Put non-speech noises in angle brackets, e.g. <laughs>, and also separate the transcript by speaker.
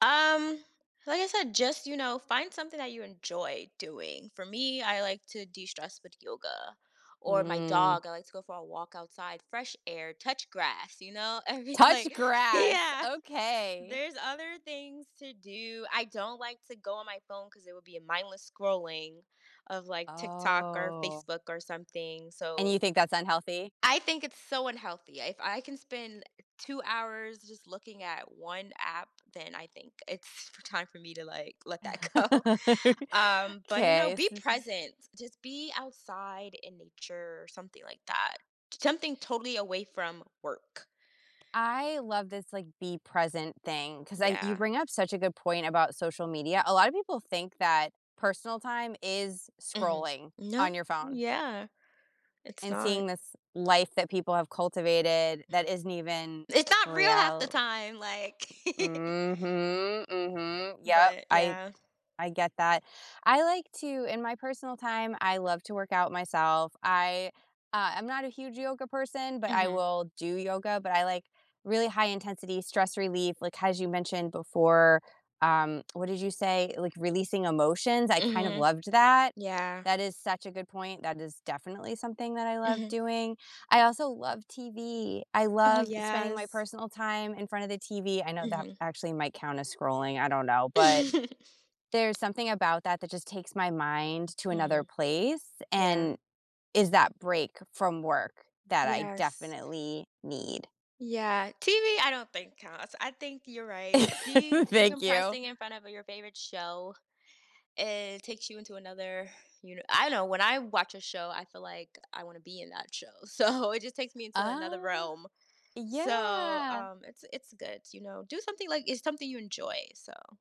Speaker 1: Um, like I said, just, you know, find something that you enjoy doing. For me, I like to destress with yoga, or my
Speaker 2: Mm.
Speaker 1: dog, I like to go for a walk outside, fresh air, touch grass, you know? I'd be
Speaker 2: Touch
Speaker 1: like
Speaker 2: grass.
Speaker 1: Yeah!
Speaker 2: Okay.
Speaker 1: There's other things to do, I don't like to go on my phone 'cause it would be a mindless scrolling of, like, TikTok or
Speaker 2: Oh.
Speaker 1: Facebook or something,
Speaker 2: And you
Speaker 1: so
Speaker 2: think that's unhealthy?
Speaker 1: I think it's so unhealthy. If I can spend 2 hours just looking at 1 app, then I think it's for time for me to, like, let that go.
Speaker 2: <laughs>
Speaker 1: Um, but, you know,
Speaker 2: 'Kay,
Speaker 1: be
Speaker 2: so
Speaker 1: present. Just be outside in nature or something like that. Something totally away from work.
Speaker 2: I love this, like, be present thing 'cause I you
Speaker 1: Yeah.
Speaker 2: bring up such a good point about social media. A lot of people think that personal time is
Speaker 1: Mhm.
Speaker 2: scrolling
Speaker 1: No.
Speaker 2: on your phone
Speaker 1: Yeah. It's
Speaker 2: and
Speaker 1: not.
Speaker 2: seeing this life that people have cultivated that isn't even
Speaker 1: It's not real half the
Speaker 2: real
Speaker 1: time! Like <chuckles>
Speaker 2: Mhm, mhm, yep.
Speaker 1: But
Speaker 2: I
Speaker 1: yeah.
Speaker 2: I get that. I like to in my personal time, I love to work out myself, I, uh I'm not a huge yoga person, but I
Speaker 1: Mhm.
Speaker 2: will do yoga, but I like really high intensity stress relief, like, as you mentioned before um, <tsk> what did you say? Like, releasing emotions? I kind of
Speaker 1: Mhm.
Speaker 2: loved that.
Speaker 1: Yeah.
Speaker 2: That is such a good point, that is definitely something that I love
Speaker 1: Mhm.
Speaker 2: doing. I also love TV, I
Speaker 1: Oh,
Speaker 2: love spending my
Speaker 1: yes.
Speaker 2: personal time in front of the TV I know that
Speaker 1: Mhm.
Speaker 2: actually might count as scrolling, I don't know, but there's
Speaker 1: <chuckles>
Speaker 2: something about that that just takes my mind to another
Speaker 1: Mhm.
Speaker 2: place
Speaker 1: Yeah.
Speaker 2: and is that break from work that I
Speaker 1: Yes.
Speaker 2: definitely need.
Speaker 1: Yeah. TV, I don't think counts, I think you're right, de
Speaker 2: <laughs> Thank you.
Speaker 1: decompressing in front of your favorite show, it takes you into another, you kn I don't know, when I watch a show, I feel like I wanna be in that show. So, it just takes me into another
Speaker 2: Uh.
Speaker 1: realm. So,
Speaker 2: Yeah.
Speaker 1: um, it's it's good, you know? Do something, like, it's something you enjoy, so